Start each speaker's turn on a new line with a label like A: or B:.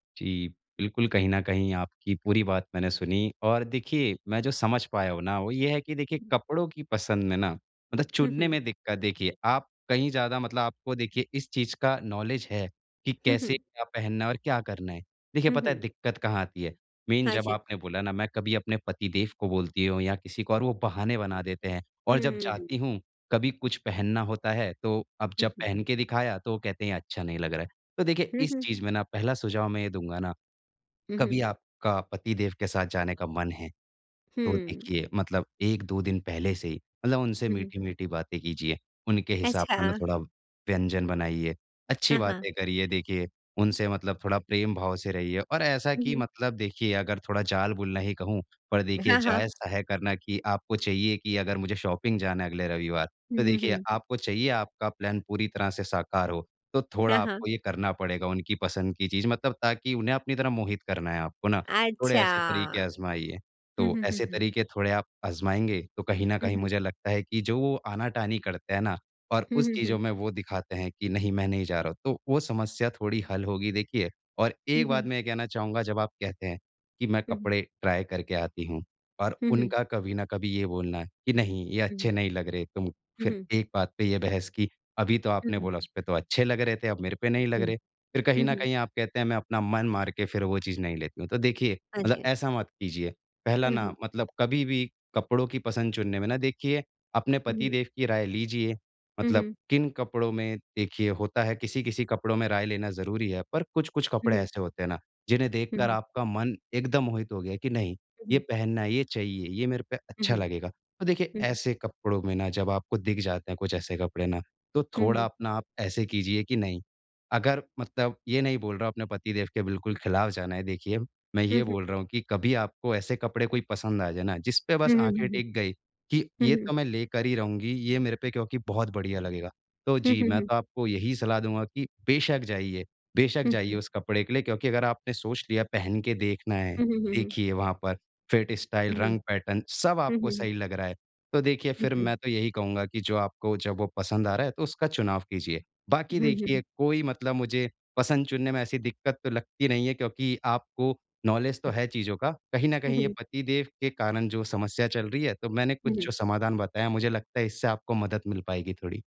A: जी, बिल्कुल कहीं न कहीं आपकी पूरी बात मैंने सुनी और देखिए, मैं जो समझ पाया हूँ ना, वो ये है कि देखिए कपड़ों की पसंद में ना, मतलब
B: हुँ,
A: चुनने
B: हुँ।
A: में दिक्कत देखिए आप कहीं ज़्यादा मतलब आपको देखिए इस चीज़ का नॉलेज है, कि
B: हुँ,
A: कैसे
B: हुँ।
A: क्या पहनना है और क्या करना है। देखिए
B: हुँ,
A: पता है
B: हुँ।
A: दिक्कत कहाँ आती है, मीन
B: हाँ
A: जब
B: जी।
A: आपने बोला ना मैं कभी अपने पति देव को बोलती हूँ या किसी को और वो बहाने बना देते हैं और जब
B: हुँ।
A: जाती हूँ, कभी कुछ पहनना होता है, तो अब
B: हुँ,
A: जब
B: हुँ।
A: पहन के दिखाया, तो वो कहते हैं अच्छा नहीं लग रहा है। तो देखिए
B: हुँ,
A: इस
B: हुँ।
A: चीज़ में ना पहला सुझाव मैं ये दूँगा ना,
B: हुँ,
A: कभी
B: हुँ।
A: आपका पति देव के साथ जाने का मन है, तो
B: हुँ।
A: देखिए, मतलब 1-2 दिन पहले से ही मतलब उनसे
B: हुँ, हुँ।
A: मीठी-मीठी बातें कीजिए, उनके हिसाब
B: अच्छा।
A: का ना थोड़ा व्यंजन बनाइए, अच्छी
B: हाँ, हाँ।
A: बातें करिए। देखिए उनसे मतलब थोड़ा प्रेम भाव से रहिए और ऐसा
B: हुँ,
A: कि
B: हुँ।
A: मतलब देखिए अगर थोड़ा जाल बुनना ही कहूँ, पर देखिए
B: हाँ, हाँ।
A: जायज़-सा है करना कि आपको चाहिए कि अगर मुझे शॉपिंग जाना है अगले रविवार
B: हुँ,
A: तो
B: हुँ,
A: देखिए
B: हुँ।
A: आपको चाहिए आपका प्लान पूरी तरह से साकार हो। तो थोड़ा
B: हाँ, हाँ।
A: आपको ये करना पड़ेगा उनकी पसंद की चीज़ मतलब ताकि उन्हें अपनी तरफ़ मोहित करना है आपको ना थोड़े
B: अच्छा।
A: ऐसे तरीके आजमाइए।
B: हुँ,
A: तो
B: हुँ, हुँ,
A: ऐसे
B: हुँ।
A: तरीके थोड़े आप आजमाएँगे, तो कहीं न
B: हुँ,
A: कहीं
B: हुँ।
A: मुझे लगता है कि जो वो आना-कानी करते हैं ना, और
B: हुँ,
A: उस
B: हुँ,
A: चीज़ो
B: हुँ।
A: में वो दिखाते हैं कि नहीं, मैं नहीं जा रहा हूँ तो वो समस्या थोड़ी हल होगी। देखिए, और
B: हुँ,
A: एक बात
B: हुँ।
A: मैं ये कहना चाहूँगा जब आप कहते हैं कि मैं
B: हुँ, हुँ।
A: कपड़े ट्राई करके आती हूँ, और
B: हुँ, हुँ।
A: उनका कभी न कभी ये बोलना कि नहीं, ये
B: हुँ।
A: अच्छे नहीं लग रहे तुम
B: हुँ,
A: फिर
B: हुँ।
A: एक बात पे ये बहस की, अभी तो
B: हुँ,
A: आपने
B: हुँ।
A: बोला उसपे तो अच्छे लग रहे थे, अब मेरे पे नहीं लग
B: हुँ।
A: रहे, फिर कहीं
B: हुँ,
A: न
B: हुँ।
A: कहीं आप कहते हैं मैं अपना मन मार के फिर वो चीज़ नहीं लेती हूँ ,तो देखिए,
B: हाँ
A: मतलब
B: जी।
A: ऐसा मत कीजिए। पहला
B: हुँ,
A: ना
B: हुँ।
A: मतलब कभी भी कपड़ों की पसंद चुनने में ना देखिए अपने पति
B: हुँ।
A: देव की राय लीजिए
B: हुँ,
A: मतलब
B: हुँ।
A: किन कपड़ों में देखिए होता है किसी-किसी कपड़ों में राय लेना ज़रूरी है पर कुछ-कुछ
B: हुँ,
A: कपड़े
B: हुँ।
A: ऐसे होते हैं ना, जिन्हें देखकर
B: हुँ।
A: आपका मन एकदम मोहित हो गया है कि नहीं,
B: हुँ,
A: ये
B: हुँ।
A: पहनना है, ये चाहिए ये मेरे पे
B: हुँ,
A: अच्छा
B: हुँ।
A: लगेगा। तो देखिए
B: हुँ, हुँ।
A: ऐसे कपड़ों में ना जब आपको दिख जाते हैं कुछ ऐसे कपड़े ना, तो
B: हुँ,
A: थोड़ा
B: हुँ।
A: अपना आप ऐसे कीजिए कि नहीं अगर मतलब ये नहीं बोल रहा हूँ अपने पति देव के बिल्कुल खिलाफ जाना है देखिए मैं
B: हुँ,
A: ये
B: हुँ।
A: बोल रहा हूँ कि कभी आपको ऐसे कपड़े कोई पसंद आ जाएँ ना जिसपे बस
B: हुँ, हुँ,
A: आँखें
B: हुँ, हुँ।
A: टिक गई, कि
B: हुँ,
A: ये
B: हुँ।
A: तो मैं लेकर ही रहूँगी, ये मेरे पे क्योंकि बहुत बढ़िया लगेगा। तो
B: हुँ,
A: जी,
B: हुँ,
A: मैं
B: हुँ।
A: तो आपको यही सलाह दूँगा कि बेशक जाइए बेशक
B: हुँ,
A: जाइए
B: हुँ।
A: उस कपड़े के लिए क्योंकि अगर आपने सोच लिया पहन के देखना है।
B: हुँ, हुँ, हुँ, हुँ।
A: देखिए वहाँ पर फिट, स्टाइल,
B: हुँ, हुँ।
A: रंग, पैटर्न सब
B: हुँ,
A: आपको
B: हुँ, हुँ।
A: सही लग रहा है, तो देखिए
B: हुँ,
A: फिर
B: हुँ।
A: मैं तो यही कहूँगा कि जो आपको जब वो पसंद आ रहा है तो उसका चुनाव कीजिए। बाकी
B: हुँ, हुँ।
A: देखिए कोई मतलब मुझे पसंद चुनने में ऐसी दिक्कत तो लगती नहीं है क्योंकि आपको नॉलेज तो है चीज़ों का, कहीं न
B: हुँ,
A: कहीं ये
B: हुँ।
A: पति देव के कारण जो समस्या चल रही है, तो मैंने कुछ
B: हुँ, हुँ।
A: जो समाधान बताया, मुझे लगता है इससे आपको मदद मिल पाएगी थोड़ी।